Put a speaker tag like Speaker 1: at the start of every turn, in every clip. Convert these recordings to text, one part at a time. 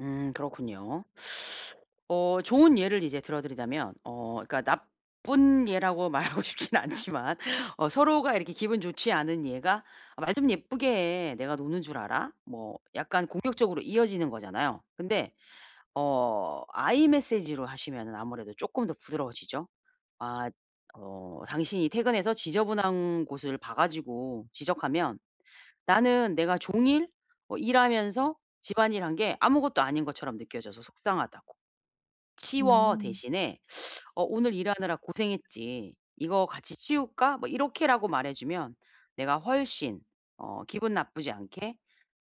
Speaker 1: 음 그렇군요. 어 좋은 예를 이제 들어드리자면 어 그니까 나쁜 예라고 말하고 싶진 않지만 어 서로가 이렇게 기분 좋지 않은 예가 "아 말 좀 예쁘게 해. 내가 노는 줄 알아?" 뭐 약간 공격적으로 이어지는 거잖아요. 근데 어 I Message로 하시면은 아무래도 조금 더 부드러워지죠. 아 어 "당신이 퇴근해서 지저분한 곳을 봐 가지고 지적하면 나는 내가 종일 어 일하면서 집안일한 게 아무것도 아닌 것처럼 느껴져서 속상하다."고. "'치워.'
Speaker 2: 음.
Speaker 1: 대신에 '어 오늘 일하느라 고생했지. 이거 같이 치울까?' 뭐 이렇게라고 말해주면 내가 훨씬 어 기분 나쁘지 않게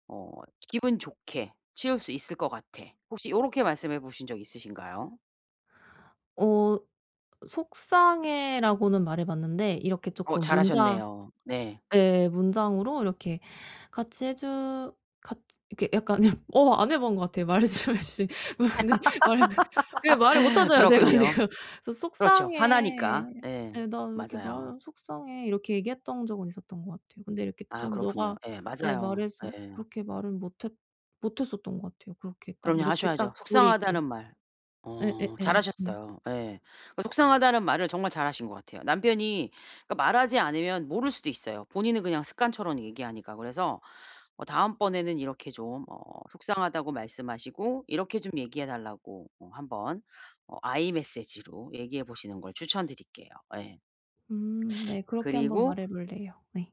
Speaker 1: 어 기분 좋게 치울 수 있을 것 같아." 혹시 요렇게 말씀해 보신 적 있으신가요?
Speaker 2: 어 "속상해."라고는 말해봤는데 이렇게
Speaker 1: 어
Speaker 2: 조금
Speaker 1: 잘
Speaker 2: 문장
Speaker 1: 하셨네요. 네.
Speaker 2: 예. 문장으로 이렇게 같이 해주 같 이렇게 약간 어 안 해본 것 같아요. 말씀해주신 것이 어 네. 말하는 건. 그게 말을 못하잖아요. 제가
Speaker 1: 그렇군요.
Speaker 2: 지금. "소
Speaker 1: 그렇죠.
Speaker 2: 속상해."
Speaker 1: 화나니까. 예.
Speaker 2: 예. "나 왜 이렇게 말
Speaker 1: 맞아요.
Speaker 2: 속상해." 이렇게 얘기했던 적은 있었던 것 같아요. 근데 이렇게
Speaker 1: 아
Speaker 2: 좀
Speaker 1: 그렇군요.
Speaker 2: 네가
Speaker 1: 예.
Speaker 2: 예.
Speaker 1: 맞아요.
Speaker 2: 말해서
Speaker 1: 예.
Speaker 2: 그렇게 말을 못했 못했었던 것 같아요. 그렇게 딱
Speaker 1: 그럼요.
Speaker 2: 이렇게
Speaker 1: 하셔야죠.
Speaker 2: 딱 조리있게.
Speaker 1: 속상하다는 말 어
Speaker 2: 예예예. 네.
Speaker 1: 잘하셨어요. 예. 그 속상하다는 말을 정말 잘 하신 것 같아요. 남편이 그러니까 말하지 않으면 모를 수도 있어요. 본인은 그냥 습관처럼 얘기하니까. 그래서 어 다음번에는 이렇게 좀 어 속상하다고 말씀하시고 이렇게 좀 얘기해 달라고 어 한번 어 I Message로 얘기해보시는 걸 추천드릴게요. 예.
Speaker 2: 음 네. 그렇게 한번
Speaker 1: 그리고
Speaker 2: 말해볼래요. 네.